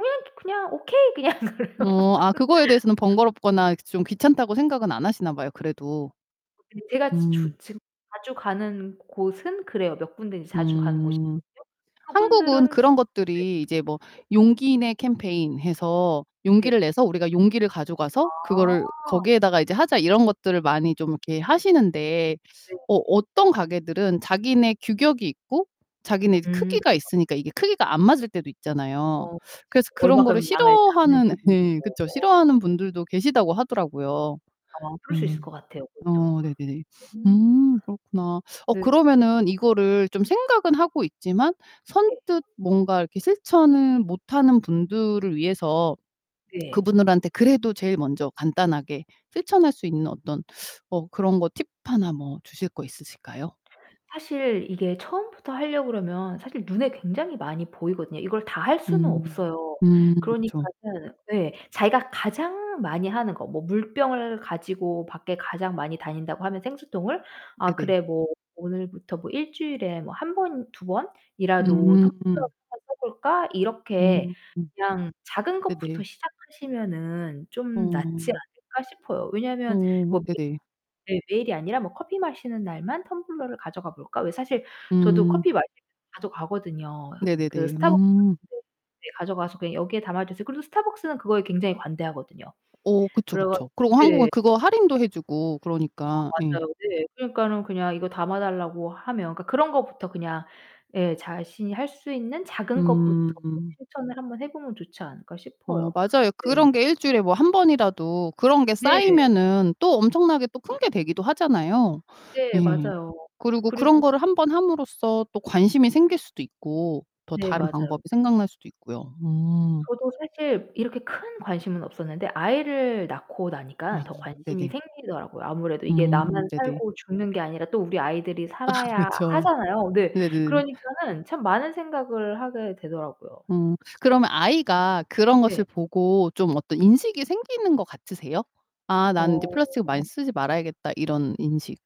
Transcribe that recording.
"음 그냥 Okay." 그냥 [unintelligible] 어 아 그거에 대해서는 번거롭거나 이렇게 좀 귀찮다고 생각은 안 하시나 봐요 그래도. 제가 지 음. 주 지금 자주 가는 곳은 그래요. 몇 군데 인제 자주 가는 곳이 음. 있거든요. 한국은 그분들은 네. 그런 것들이 네. 이제 뭐 '용기 내 캠페인' 해서 네. '용기를 내서 우리가 용기를 가져가서 그거를 아. 거기에다가 이제 하자.' 이런 것들을 많이 좀 이렇게 하시는데 네. 어 어떤 가게들은 자기네 규격이 있고 자기네 음 크기가 그쵸. 있으니까 이게 크기가 안 맞을 때도 있잖아요. 어 그쵸. 그래서 그런 거를 얼만큼 양을 싫어하는 잡는지 네 모르고 그쵸. 어. 싫어하는 분들도 계시다고 하더라고요. 어 그럴 수 예. 있을 것 같아요. 그것도. 어 네네. 음. 음 그렇구나. 어 네. 그러면은 이거를 좀 생각은 하고 있지만 네. 선뜻 뭔가 이렇게 실천을 못하는 분들을 위해서 네. 그분들한테 그래도 제일 먼저 간단하게 실천할 수 있는 어떤 어 그런 거 팁 하나 뭐 주실 거 있으실까요? 사실 이게 처음부터 하려고 그러면 사실 눈에 굉장히 많이 보이거든요. 이걸 다 할 수는 음. 없어요. 음. 그쵸. 그러니까는 예. 자기가 가장 많이 하는 거 뭐 물병을 가지고 밖에 가장 많이 다닌다고 하면 생수통을 '아 네네. 그래 뭐 오늘부터 뭐 1 주일에 뭐 1 번, 2 번이라도 텀블러를 음. [unintelligible] 해 볼까?' 이렇게 음 그냥 '작은 것부터 네네. 시작하시면은 좀 낫지 어. 않을까?' 싶어요. 왜냐면 어 뭐 매 네네. 네 매일이 아니라 뭐 '커피 마시는 날만 텀블러를 가져가 볼까?' 왜 사실 저도 음. 커피 마시러 자주 가거든요. 그 네네네. 스타벅스 음. 매장에 네 가져가서 그냥 "여기에 담아 주세요." 그래도 스타벅스는 그거에 굉장히 관대하거든요. 어 그쵸, 그래 가지고 그쵸. 그리고 한국은 네. 그거 할인도 해 주고 아 그러니까 예. 맞아요. 네. 그러니까는 그냥 이거 담아달라고 하면 그러니까 그런 거부터 그냥 예 '자신이 할 수 있는 작은 것부터 음 음. 실천을 1 번 해 보면 좋지 않을까?' 어 싶어요. 맞아요. 네. 그런 게 1 주일에 뭐 1 번이라도 그런 게 네. 쌓이면은 또 엄청나게 또 큰 게 되기도 하잖아요. 네. 예. 맞아요. 그리고 그런 그리고 거를 1 번 함으로써 또 관심이 생길 수도 있고 더 네. 다른 맞아요. 방법이 생각날 수도 있고요. 음. 저도 사실 이렇게 큰 관심은 없었는데 아이를 낳고 나니까 아 더 관심이 네네. 생기더라고요. 아무래도 이게 음 나만 네네. 살고 죽는 게 아니라 또 우리 아이들이 아 살아야 그쵸. 하잖아요. 네. 네네네. 그러니까는 참 많은 생각을 하게 되더라고요. 음, 그러면 아이가 그런 것을 네. 보고 좀 어떤 인식이 생기는 것 같으세요? '아 난 이제 어. 플라스틱을 많이 쓰지 말아야겠다.' 이런 인식.